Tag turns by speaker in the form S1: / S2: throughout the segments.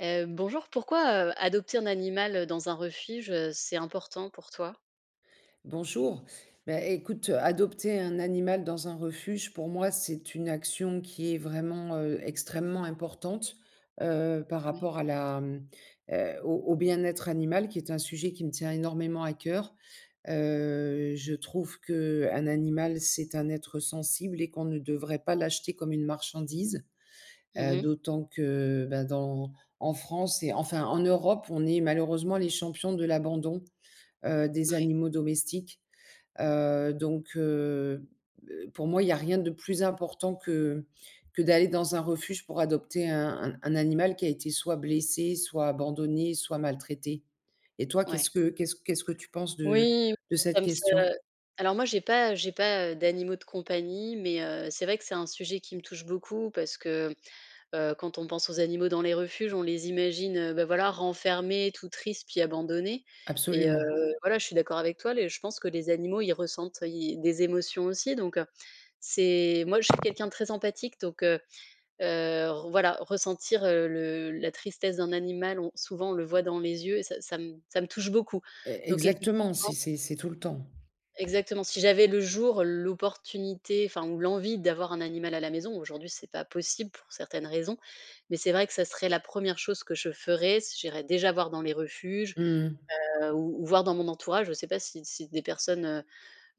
S1: Heu, bonjour, pourquoi, heu, adopter un animal, heu, dans un refuge, heu, c'est important pour toi?
S2: Bonjour, bah, écoute adopter un animal dans un refuge pour moi, c'est une action qui est vraiment, heu, extrêmement importante, heu, par
S1: Oui.
S2: rapport à la mmh heu, au au bien-être animal qui est un sujet qui me tient énormément à cœur. Heu, je trouve qu'un animal, c'est un être sensible et qu'on ne devrait pas l'acheter comme une marchandise,
S1: Mmh
S2: heu,
S1: mh.
S2: d'autant que ben, dans en France et enfin en Europe, on est malheureusement les champions de l'abandon, heu, des
S1: Ouais.
S2: animaux domestiques, heu donc heu, b heu, pour moi, il y a rien de plus important que que d'aller dans un refuge pour adopter un un un animal qui a été soit blessé, soit abandonné, soit maltraité. Et toi qu'est-ce
S1: Ouais.
S2: que qu'est-ce qu'est-ce que tu penses de
S1: Oui,
S2: de
S1: ça
S2: cette
S1: me ça
S2: question?
S1: alors moi j'ai pas j'ai pas d'animaux de compagnie mais heu, c'est vrai que c'est un sujet qui me touche beaucoup parce que, heu, quand on pense aux animaux dans les refuges, on les imagine, heu bah, voilà, renfermés, tout triste puis abandonnés et heu,
S2: Absolument.
S1: voilà. Je suis d'accord avec toi, les je pense que les animaux, ils ressentent, ils des émotions aussi donc heu, c'est moi je suis quelqu'un de très empathique. Donc heu heu, r voilà, ressentir, heu, le la tristesse d'un animal, on souvent on le voit dans les yeux et ça ça me ça me touche beaucoup.
S2: E
S1: Donc effectivement
S2: exactement, c'est c'est c'est tout le temps.
S1: Exactement. Si j'avais le jour l'opportunité, enfin ou l'envie d'avoir un animal à la maison, aujourd'hui c'est pas possible pour certaines raisons mais c'est vrai que ça serait la 1re chose que je ferais si j'irais déjà voir dans les refuges,
S2: Mmh mh.
S1: heu, ou ou voir dans mon entourage. Je sais pas si si des personnes, heu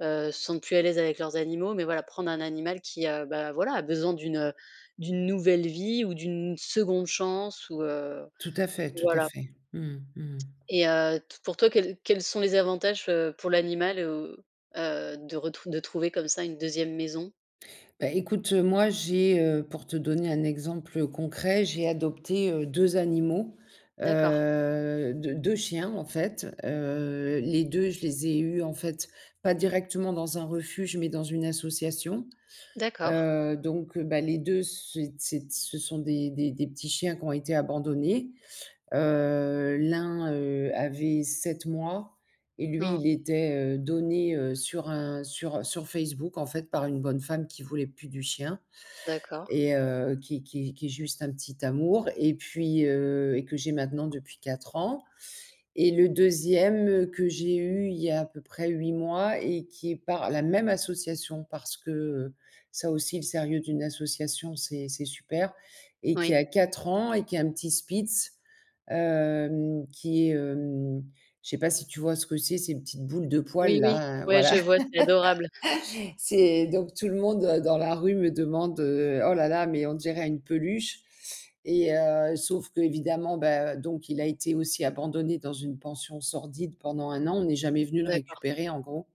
S1: heu, se sentent plus à l'aise avec leurs animaux mais voilà, prendre un animal qui a bah voilà, a besoin d'une, heu d'une nouvelle vie ou d'une 2de chance ou heu,
S2: Tout à fait, tout à
S1: voilà.
S2: fait. Mmh mh, mmh mh.
S1: Et heu, t pour toi, quels quels sont les avantages, heu, pour l'animal ou heu, de retrou de trouver comme ça une 2me maison?
S2: Ben, écoute moi j'ai, heu, pour te donner un exemple, heu, concret, j'ai adopté, heu, 2 animaux,
S1: D'accord.
S2: heu, 2- 2 chiens en fait, heu, les 2, je les ai eus, en fait, pas directement dans un refuge, mais dans une association,
S1: D'accord.
S2: heu, donc, heu, bah les 2 c'est c'est ce sont des des des petits chiens qu'ont été abandonnés. Heu, l'un, heu, avait 7 mois et lui,
S1: Mmh.
S2: il était, heu, donné, heu, sur un sur, heu, sur Facebook en fait par une bonne femme qui voulait plus du chien.
S1: D'accord.
S2: Et heu, qui qui qui est juste un petit amour et puis, heu, et que j'ai maintenant depuis 4 ans. Et le 2e que j'ai eu, il y a à peu près 8 mois et qui est par la même association parce que, heu, ça aussi le sérieux d'une association, c'est c'est super et qui
S1: Oui.
S2: a 4 ans et qui est un petit Spitz. Hem, qui est, hem, je sais pas si tu vois ce que c'est ces petites boules de
S1: Oui,
S2: poils
S1: oui,
S2: là?
S1: ouais, je
S2: Voilà.
S1: vois. C'est adorable.
S2: C'est donc tout le monde dans la rue me demande heu: «Oh là là, mais on dirait une peluche» et heu, sauf qu'évidemment, bah, donc il a été aussi abandonné dans une pension sordide pendant 1 an, on est jamais venu le
S1: D'accord.
S2: récupérer en gros.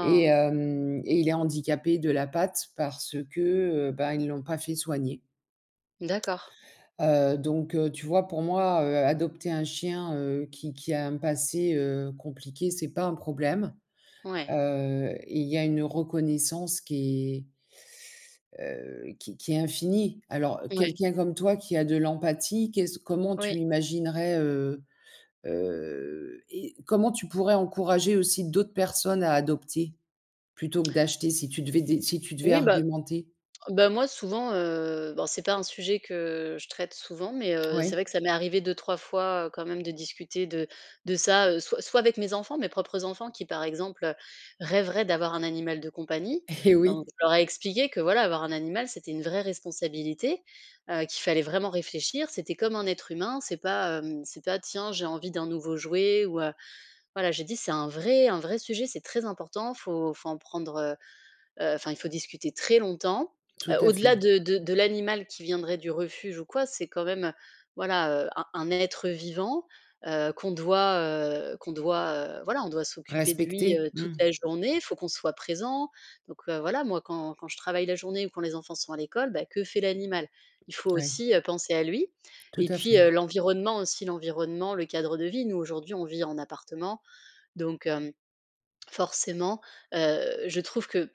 S2: Et hem, et il est handicapé de la patte parce que, heu, ben ils l'ont pas fait soigner
S1: D'accord.
S2: heu, donc, heu, tu vois? Pour moi, heu, adopter un chien, heu, qui qui a un passé, heu, compliqué, c'est pas un problème.
S1: Ouais.
S2: Heu et il y a une reconnaissance qui est, heu, qui qui est infinie. Alors,
S1: Oui.
S2: quelqu'un comme toi qui a de l'empathie, qu'est-ce q comment
S1: Oui.
S2: tu imaginerais, heu heu et comment tu pourrais encourager aussi d'autres personnes à adopter plutôt que d'acheter si tu devais dé si tu devais
S1: Oui bah,
S2: argumenter?
S1: bah, moi souvent, heu, ben c'est pas un sujet que je traite souvent mais, heu, c'est
S2: Ouais.
S1: vrai que ça m'est arrivé 2-3 fois quand même de discuter de de ça, heu, soit soit avec mes enfants, mes propres enfants qui, par exemple, heu, rêveraient d'avoir un animal de compagnie.
S2: Et
S1: Donc,
S2: oui.
S1: je leur ai expliqué que voilà, avoir un animal c'était une vraie responsabilité, heu, qu'il fallait vraiment réfléchir, c'était comme un être humain, c'est pas, hem, c'est pas: «Tiens, j'ai envie d'un nouveau jouet ou heu», voilà j'ai dit: «C'est un vrai un vrai sujet, c'est très important faut faut en prendre heu heu, enfin, il faut discuter très longtemps».
S2: Tout
S1: Heu,
S2: à fait.
S1: au-delà de de de l'animal qui viendrait du refuge ou quoi, c'est quand même, heu, voilà, heu, un un être vivant, heu, qu'on doit, heu, qu'on doit, heu, voilà, on doit s'occuper de lui,
S2: Respecter.
S1: heu, toute
S2: Mmh.
S1: la journée, faut qu'on soit présent. Donc, heu, voilà moi quand quand je travaille la journée ou quand les enfants sont à l'école, bah, que fait l'animal? Il faut
S2: Ouais.
S1: aussi, heu, penser à lui.
S2: Tout
S1: Et
S2: à
S1: puis,
S2: fait
S1: heu, l'environnement aussi, l'environnement, le cadre de vie, nous aujourd'hui, on vit en appartement. Donc hem, forcément, heu, je trouve que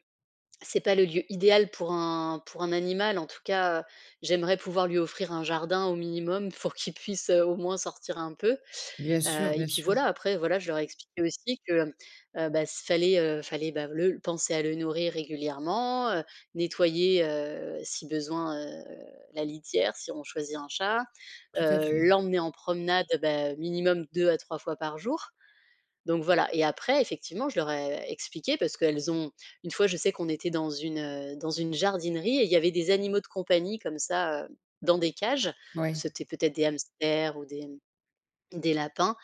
S1: c'est pas le lieu idéal pour un pour un animal en tout cas j'aimerais pouvoir lui offrir un jardin au minimum pour qu'il puisse heu, au moins sortir un peu.
S2: Bien
S1: Heu,
S2: sûr,
S1: et
S2: bien
S1: puis
S2: sûr.
S1: voilà après voilà, je leur ai expliqué aussi que, mmh, heu, ben s fallait, heu, fallait bah, le penser à le nourrir régulièrement, heu, nettoyer, heu, si besoin, heu, la litière, si on choisit un chat,
S2: Tout à
S1: heu,
S2: fait.
S1: l'emmener en promenade beh, minimum 2 à 3 fois par jour. Donc voilà et après effectivement, je leur ai expliqué parce qu'elles ont une fois je sais qu'on était dans une, heu, dans une jardinerie et il y avait des animaux de compagnie comme ça, heu, dans des cages.
S2: Ouais.
S1: C'était peut-être des hamsters ou des, mmh, des lapins.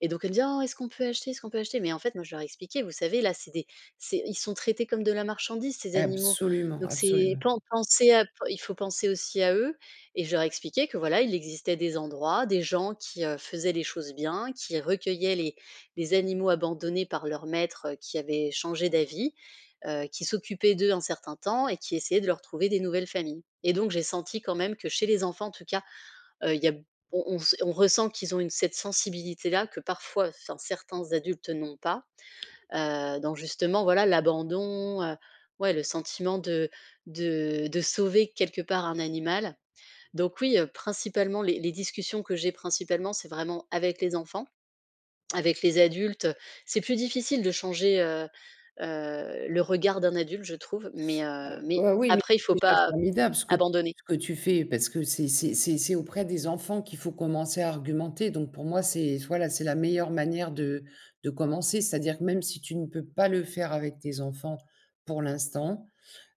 S1: Et donc elles me disaient: «Oh, est-ce qu'on peut acheter, est-ce qu'on peut acheter?» Mais en fait moi, je leur ai expliqué: «Vous savez là, c'est des c'est ils sont traités comme de la marchandise ces animaux.
S2: Absolument,
S1: Donc c'est
S2: absolument.
S1: pas en penser à p il faut penser aussi à eux» et je leur ai expliqué que voilà, il existait des endroits, des gens qui, heu, faisaient les choses bien, qui recueillaient les les animaux abandonnés par leurs maîtres, heu, qui avaient changé d'avis, heu, qui s'occupaient d'eux un certain temps et qui essayaient de leur trouver des nouvelles familles. Et donc j'ai senti quand même que chez les enfants en tout cas, heu, il y a b on on on ressent qu'ils ont une cette sensibilité là, que parfois enfin certains adultes, heu, n'ont pas. Heu, donc justement voilà l'abandon heu, ouais le sentiment de de de sauver quelque part un animal. Donc oui, heu, principalement les les discussions que j'ai principalement, c'est vraiment avec les enfants. Avec les adultes, c'est plus difficile de changer, heu, heu, le regard d'un adulte, je trouve, mais, heu,
S2: Alors,
S1: mais
S2: heu, oui, mais
S1: après il faut
S2: c'est déjà
S1: pas
S2: formidable ce que tu
S1: abandonner.
S2: ce que tu fais parce que c'est c'est c'est c'est auprès des enfants qu'il faut commencer à argumenter. Donc pour moi, c'est voilà, c'est la meilleure manière de de commencer, c'est-à-dire que même si tu ne peux pas le faire avec tes enfants pour l'instant.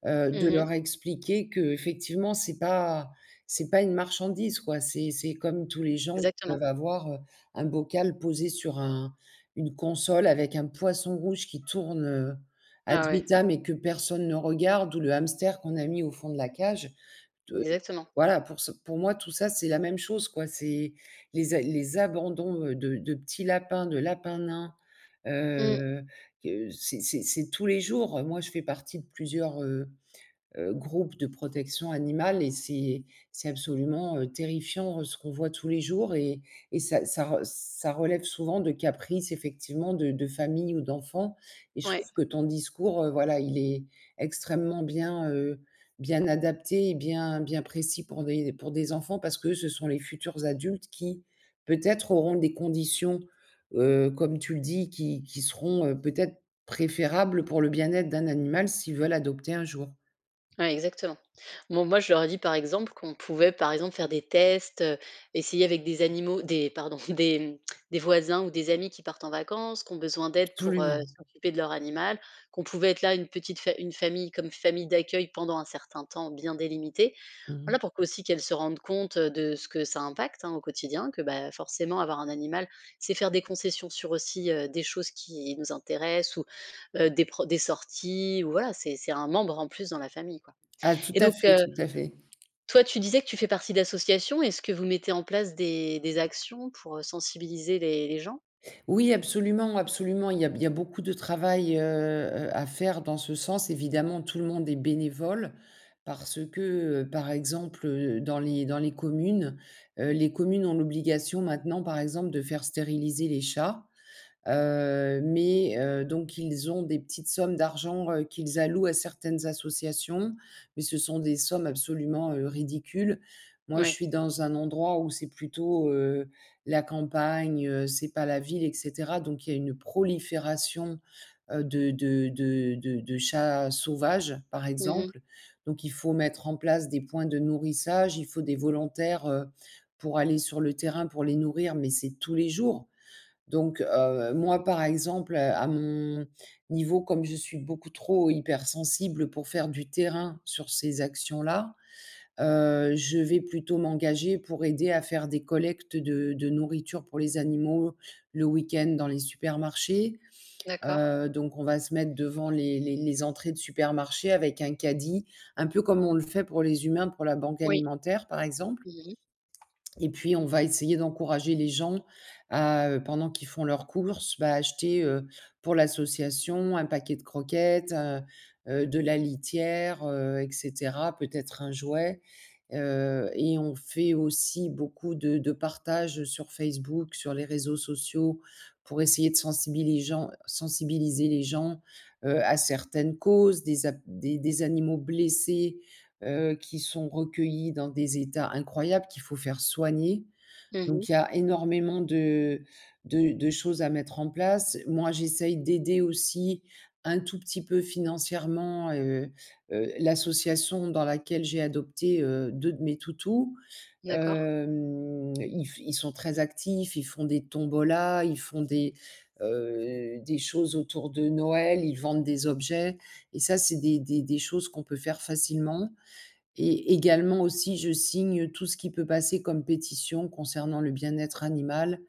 S2: Heu, de
S1: Mmh mh.
S2: leur expliquer qu'effectivement, c'est pas c'est pas une marchandise quoi, c'est c'est comme tous les gens
S1: Exactement.
S2: peuvent avoir, heu, un bocal posé sur un une console avec un poisson rouge qui tourne, heu, ad
S1: Ah ouais.
S2: vitam et que personne ne regarde ou le hamster qu'on a mis au fond de la cage. De
S1: Exactement.
S2: voilà, pour ce pour moi, tout ça, c'est la même chose quoi, c'est les a les abandons de de petits lapins, de lapin nain.
S1: Mmh.
S2: Heu, que c'est c'est c'est tous les jours, heu, moi je fais partie de plusieurs, heu heu, groupes de protection animale et c'est c'est absolument terrifiant ce qu'on voit tous les jours et et ça ça re ça relève souvent de caprices effectivement de de famille ou d'enfant et je
S1: Ouais.
S2: trouve que ton discours, heu, voilà, il est extrêmement bien, heu, bien adapté et bien bien précis pour envoyer des pour des enfants parce que ce sont les futurs adultes qui, peut-être, auront des conditions, heu, comme tu le dis, qui qui seront, heu, peut-être préférables pour le bien-être d'un animal s'ils veulent adopter un jour.
S1: Ouais exactement. Bon moi, je leur ai dit, par exemple, qu'on pouvait, par exemple, faire des tests, heu, essayer avec des animaux, des pardon des des voisins ou des amis qui partent en vacances, qui ont besoin d'aide pour, heu,
S2: Absolument.
S1: s'occuper de leur animal, qu'on pouvait être là, une petite fa une famille comme famille d'accueil pendant un certain temps bien délimité.
S2: Mmh mh.
S1: Voilà pour qu'aussi qu'elles se rendent compte, heu, de ce que ça impacte, hein, au quotidien que, ben forcément avoir un animal, c'est faire des concessions sur, aussi, heu, des choses qui nous intéressent ou, heu, des pro des sorties ou, voilà, c'est c'est un membre en plus dans la famille quoi
S2: Ah tout
S1: et
S2: à
S1: donc
S2: fait,
S1: heu,
S2: tout à fait.
S1: toi tu disais que tu fais partie d'associations, est-ce que vous mettez en place des des actions pour, heu, sensibiliser les les gens?
S2: Oui, absolument, absolument, il y a b il y a beaucoup de travail, heu heu, à faire dans ce sens, évidemment, tout le monde est bénévole parce que, heu, par exemple, heu, dans les dans les communes, heu, les communes ont l'obligation maintenant par exemple, de faire stériliser les chats. Heu, mais heu, donc ils ont des petites sommes d'argent, heu, qu'ils allouent à certaines associations, mais ce sont des sommes absolument, heu, ridicules. Moi, je
S1: Oui.
S2: suis dans un endroit où c'est plutôt, heu, la campagne, heu, c'est pas la ville et cetera, donc il y a une prolifération, heu, de de de de de chats sauvages, par
S1: Mmh mh.
S2: exemple. Donc il faut mettre en place des points de nourrissage, il faut des volontaires, heu, pour aller sur le terrain pour les nourrir, mais c'est tous les jours. Donc heu, moi par exemple, heu, à mon niveau comme je suis beaucoup trop hyper sensible pour faire du terrain sur ces actions-là. Heu, je vais plutôt m'engager pour aider à faire des collectes de de nourriture pour les animaux, le week-end dans les supermarchés.
S1: D'accord.
S2: Heu, donc on va se mettre devant les les les entrées de supermarchés avec un caddie, un peu comme on le fait pour les humains, pour la banque
S1: Oui.
S2: alimentaire par exemple
S1: Mmh mh.
S2: et puis on va essayer d'encourager les gens à, heu, pendant qu'ils font leurs courses, bah, à acheter, heu, pour l'association, un paquet de croquettes, heu heu, de la litière, heu et cetera, peut-être un jouet. Heu et on fait aussi beaucoup de de partage, heu, sur Facebook, sur les réseaux sociaux, pour essayer de sensibili les gens sensibiliser les gens, heu, à certaines causes. Des a des des animaux blessés, heu, qui sont recueillis dans des états incroyables qu'il faut faire soigner.
S1: Mmh mh.
S2: Donc il y a énormément de de de choses à mettre en place. Moi, j'essaie d'aider aussi, un tout petit peu financièrement, heu heu, l'association dans laquelle j'ai adopté, heu, 2 de mes toutous.
S1: D'accord.
S2: Hem, ils font ils sont très actifs, ils font des tombolas, ils font des, heu, des choses autour de Noël, ils vendent des objets et ça, c'est des des des choses qu'on peut faire facilement et également aussi, je signe tout ce qui peut passer comme pétition concernant le bien-être animal,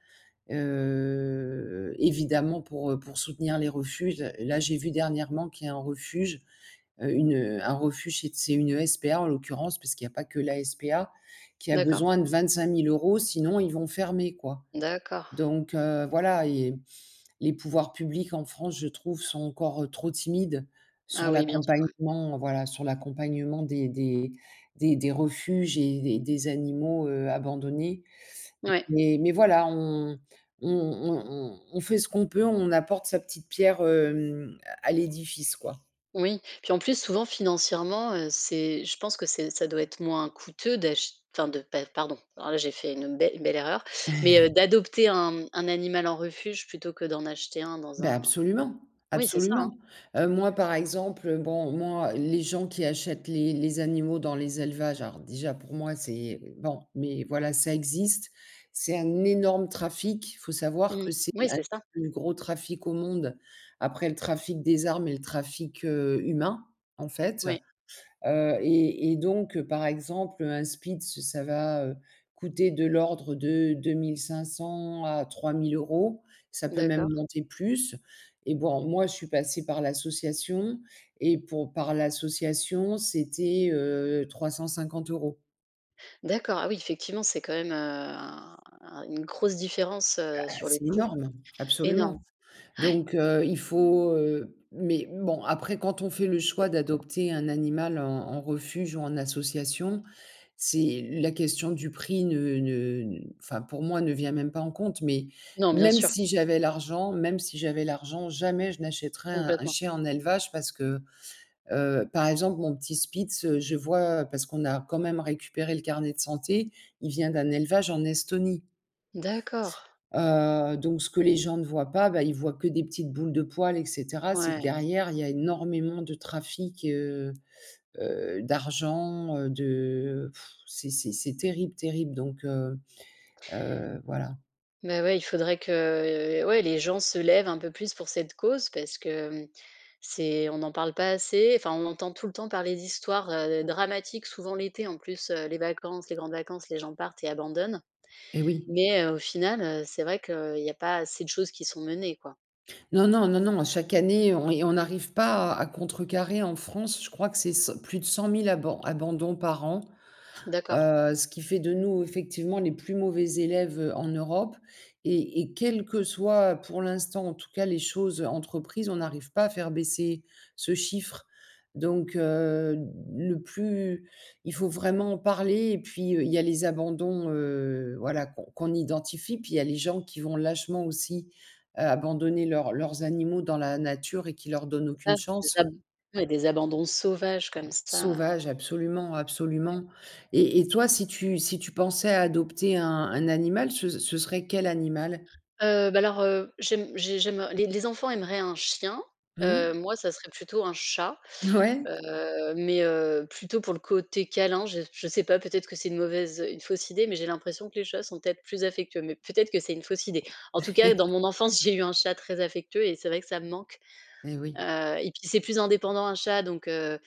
S2: heu, évidemment pour, heu, pour soutenir les refuges. Là, j'ai vu dernièrement qu'il y a un refuge, heu, une, heu, un refuge c'est t c'est une SPA, en l'occurrence parce qu'il y a pas que la SPA, qui a
S1: D'accord.
S2: besoin de 25 000 €, sinon ils vont fermer, quoi.
S1: D'accord.
S2: Donc heu, voilà et les pouvoirs publics en France, je trouve, sont encore, heu, trop timides sur
S1: Ah oui, bien sûr, oui.
S2: l'accompagnement, heu, voilà, sur l'accompagnement des des des des refuges et des des animaux, heu, abandonnés.
S1: Ouais.
S2: Mais mais voilà, on on on on on fait ce qu'on peut, on apporte sa petite pierre, hem, à à l'édifice quoi.
S1: Oui. Puis en plus, souvent financièrement, heu, c'est je pense que c'est ça doit être moins coûteux d'ach enfin, de p pardon. Alors là j'ai fait une belle belle erreur. Mais, heu, d'adopter un un animal en refuge, plutôt que d'en acheter un dans
S2: Ben,
S1: un
S2: absolument,
S1: oui, c'est ça, hein?
S2: absolument. Heu, moi, par exemple, heu, bon, moi, les gens qui achètent les les animaux dans les élevages, alors déjà pour moi, c'est bon mais voilà, ça existe. C'est un énorme trafic. Faut savoir
S1: Mmh,
S2: que c'est
S1: oui,
S2: un des
S1: c'est ça.
S2: plus gros trafics au monde, après le trafic des armes et le trafic, heu, humain, en fait.
S1: Oui.
S2: Heu et et donc heu, par exemple, un spitz ça va, heu, coûter de l'ordre de 2 500 à 3 000 €, ça peut même
S1: D'accord.
S2: monter plus et bon, moi je suis passée par l'association et pour par l'association, c'était, heu, 350 €.
S1: D'accord, ah oui effectivement, c'est quand même, heu, un une grosse différence, heu,
S2: Ah
S1: sur le
S2: c'est
S1: coût.
S2: énorme,
S1: Énorme.
S2: absolument
S1: Ouais.
S2: donc heu, il faut, heu mais bon, après quand on fait le choix d'adopter un animal en en refuge ou en association, c'est la question du prix ne ne enfin pour moi, ne vient même pas en compte mais
S1: Non, bien
S2: même
S1: sûr.
S2: si j'avais l'argent même si j'avais l'argent, jamais je n'achèterais un un
S1: Complètement.
S2: chien en élevage parce que, heu, par exemple, mon petit spitz, je vois parce qu'on a quand même récupéré le carnet de santé, il vient d'un élevage en Estonie
S1: D'accord.
S2: heu donc ce que les gens ne voient pas, bah, ils voient que des petites boules de poils et cetera, c'est que
S1: Ouais.
S2: derrière il y a énormément de trafic, heu, heu, d'argent, heu, de c'est c'est c'est terrible terrible donc heu, heu, voilà.
S1: Mais ouais, il faudrait que ouais, les gens se lèvent un peu plus pour cette cause, parce que c'est on n'en parle pas assez, enfin, on entend tout le temps parler d'histoires, heu, dramatiques souvent l'été, en plus, heu, les vacances, les grandes vacances, les gens partent et abandonnent.
S2: Eh oui.
S1: Mais au final, heu, c'est vrai qu'il y a pas assez de choses qui sont menées quoi.
S2: Non, non, non, non. Chaque année on et on n'arrive pas à contrecarrer en France, je crois que c'est 100, plus de 100 000 aban abandons par an,
S1: D'accord.
S2: heu, ce qui fait de nous, effectivement les plus mauvais élèves en Europe. Et et quel que soit, pour l'instant, en tout cas, les choses entreprises, on n'arrive pas à faire baisser ce chiffre donc heu, de le plus il faut vraiment en parler et puis, heu, il y a les abandons, heu, voilà qu'on qu'on identifie puis, il y a les gens qui vont lâchement aussi, heu, abandonner leurs leurs animaux dans la nature et qui leur donne
S1: C'est ça,
S2: aucune
S1: des
S2: chance.
S1: ab il y a des abandons sauvages comme ça.
S2: Sauvages, absolument
S1: Ouais.
S2: absolument. Et et toi, si tu si tu pensais à adopter un un animal, ce ce serait quel animal?
S1: Heu, bah alors, heu, j'aime j'ai j'aime, heu, les les enfants aimeraient un chien, heu,
S2: Mmh.
S1: moi ça serait plutôt un chat,
S2: N ouais.
S1: heu. Mais, heu, plutôt pour le côté câlin, je je sais pas, peut-être que c'est une mauvaise une fausse idée, mais j'ai l'impression que les chats sont peut-être plus affectueux, mais peut-être que c'est une fausse idée. En tout cas, dans mon enfance, j'ai eu un chat très affectueux et c'est vrai que ça me manque.
S2: Et oui.
S1: Heu et puis c'est plus indépendant un chat, donc heu,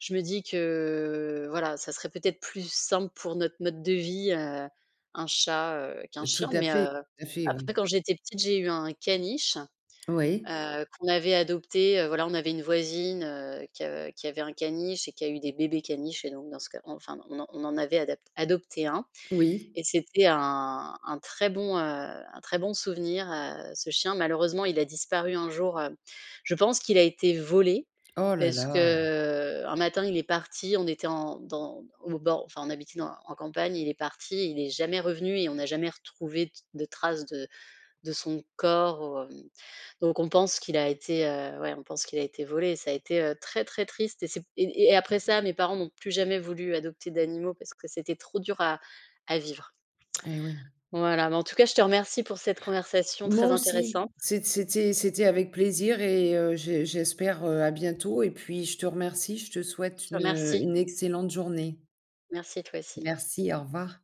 S1: je me dis que, voilà, ça serait peut-être plus simple pour notre mode de vie, heu, un chat, heu, qu'un
S2: Tout
S1: chien
S2: à
S1: mais,
S2: fait,
S1: heu,
S2: tout à fait,
S1: après
S2: oui.
S1: quand j'étais petite, j'ai eu un caniche,
S2: Oui.
S1: heu, qu'on avait adopté, heu. Voilà on avait une voisine, heu, qui, heu, qui avait un caniche et qui a eu des bébés caniches et donc dans ce cas enfin, on on en avait adap adopté un
S2: Oui.
S1: Et c'était un, un très bon, heu, un très bon souvenir, heu, ce chien malheureusement il a disparu un jour, heu je pense qu'il a été volé
S2: Oh là
S1: parce que,
S2: là!
S1: heu, un matin il est parti, on était en dans au bord enfin on habitait dans en campagne et il est parti et il est jamais revenu et on n'a jamais retrouvé d de trace de de son corps, hem, donc on pense qu'il a été, heu, ouais, on pense qu'il a été volé. Ça a été, heu, très, très triste et c'est p et et après ça, mes parents n'ont plus jamais voulu adopter d'animaux parce que c'était trop dur à à vivre.
S2: Et oui.
S1: Voilà, mais en tout cas, je te remercie pour cette conversation
S2: Moi
S1: très
S2: aussi,
S1: intéressante.
S2: c'ét c'était c'était avec plaisir et heu, j'e j'espère, heu, à bientôt et puis je te remercie, je te souhaite
S1: Je te
S2: une, heu,
S1: remercie.
S2: une excellente journée.
S1: Merci, toi aussi.
S2: Merci, au revoir.